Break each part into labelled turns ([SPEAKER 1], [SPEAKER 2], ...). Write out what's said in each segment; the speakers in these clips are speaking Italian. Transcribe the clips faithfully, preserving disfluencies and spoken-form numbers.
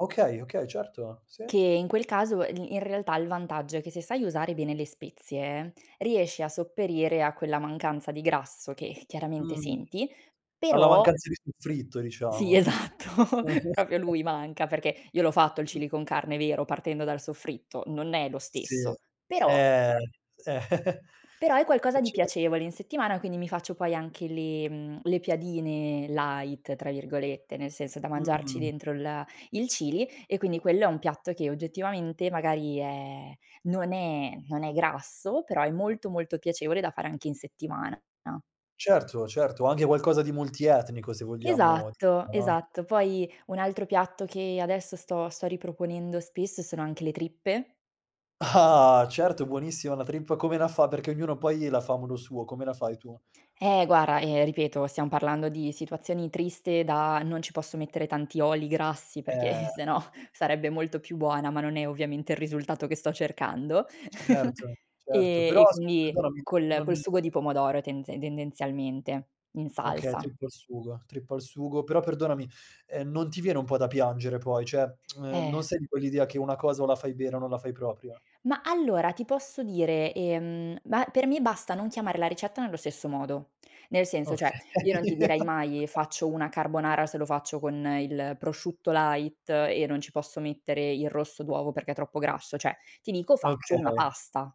[SPEAKER 1] Okay, okay, certo. Sì.
[SPEAKER 2] Che in quel caso e in realtà il vantaggio è che se sai usare bene le spezie riesci a sopperire a quella mancanza di grasso che chiaramente
[SPEAKER 1] Mh.
[SPEAKER 2] senti,
[SPEAKER 1] Alla
[SPEAKER 2] però
[SPEAKER 1] mancanza di soffritto,
[SPEAKER 2] Sì,
[SPEAKER 1] diciamo.
[SPEAKER 2] esatto, propio lui manca, perché io l'ho fatto il
[SPEAKER 1] Mh.
[SPEAKER 2] chili con carne vero, partendo dal soffritto, non è lo
[SPEAKER 1] Sì,
[SPEAKER 2] stesso;
[SPEAKER 1] eh.
[SPEAKER 2] però
[SPEAKER 1] Eh, eh.
[SPEAKER 2] però è qualcosa
[SPEAKER 1] Eh
[SPEAKER 2] di
[SPEAKER 1] cer
[SPEAKER 2] piacevole in settimana, quindi mi faccio poi anche le mhmm, le piadine "light" tra virgolette, nel senso da mangiarci
[SPEAKER 1] Mh-mh.
[SPEAKER 2] dentro il a il chili e quindi quello è un piatto che oggettivamente magari è non è non è grasso, però è molto molto piacevole da fare anche in settimana na
[SPEAKER 1] Certo, certo, anche qualcosa di multietnico se vogliamo [unintelligible]
[SPEAKER 2] Esatto,
[SPEAKER 1] no?
[SPEAKER 2] esatto. Poi un altro piatto che adesso sto sto riproponendo spesso sono anche le trippe.
[SPEAKER 1] Ah! Certo, buonissima la trippa, come la fa perché ognuno poi la fa a modo suo, come la fai tu?
[SPEAKER 2] Eh, guara, ehm, ripeto, siam parlando di situazioni triste da: "Non ci posso mettere tanti oli grassi, perché, eh,
[SPEAKER 1] Eh.
[SPEAKER 2] sennò sarebbe molto più buona," ma non è ovviamente il risultato che sto cercando.
[SPEAKER 1] Certo, certo,
[SPEAKER 2] Ehm,
[SPEAKER 1] però
[SPEAKER 2] e
[SPEAKER 1] s
[SPEAKER 2] quindi
[SPEAKER 1] perdonami
[SPEAKER 2] col
[SPEAKER 1] non
[SPEAKER 2] col sugo di pomodoro tenze tendenzialmente in
[SPEAKER 1] Okay,
[SPEAKER 2] salsa.
[SPEAKER 1] trippa al sugo, trippa al sugo, però perdonami, ehm, non ti viene un po' da piangere poi, ceh, ehm, non
[SPEAKER 2] Eh.
[SPEAKER 1] sei di quell'idea che una cosa o la fai vera o non la fai propio?
[SPEAKER 2] Ma allora ti posso dire, ehm ma per me basta non chiamarla ricetta nello stesso modo. Nel senso, ceh, io non ti
[SPEAKER 1] Okay.
[SPEAKER 2] direi mai, ehm, faccio una carbonara se lo faccio con il prosciutto light e non ci posso mettere il rosso d'uovo perché è troppo grasso, ceh ti dico faccio una
[SPEAKER 1] Okay.
[SPEAKER 2] pasta.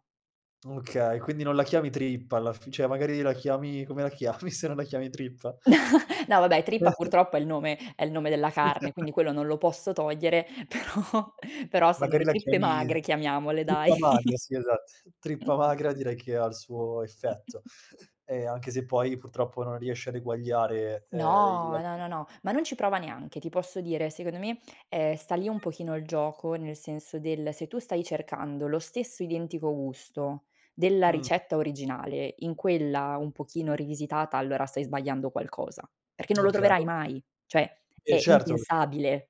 [SPEAKER 1] Okay, quindi non la chiami trippa alla fi ceh magari la chiami come la chiami se non la chiami trippa?
[SPEAKER 2] No vabbè trippa purtroppo è il nome è il nome della carne, quindi quello non lo posso togliere però però sono
[SPEAKER 1] Magari
[SPEAKER 2] le
[SPEAKER 1] la
[SPEAKER 2] trippe
[SPEAKER 1] chiami
[SPEAKER 2] magre, chiamiamole dai.
[SPEAKER 1] trippa magra, sì, esatt trippa magra direi che ha il suo effetto. Ehm, anche se poi purtroppo non riesci ad eguagliare, ehm, il
[SPEAKER 2] No, no,
[SPEAKER 1] [unintelligible]
[SPEAKER 2] no, no, ma non ci prova neanche. Ti posso dire, secondo me, ehm, sta lì un pochino il gioco, nel senso del se tu stai cercando lo stesso identico gusto della
[SPEAKER 1] Mh.
[SPEAKER 2] ricetta originale in quella un pochino rivisitata, allora stai sbagliando qualcosa. Perché non lo
[SPEAKER 1] Okay.
[SPEAKER 2] troverai mai, cioè
[SPEAKER 1] E
[SPEAKER 2] è
[SPEAKER 1] certo. [unintelligible]
[SPEAKER 2] impensabile.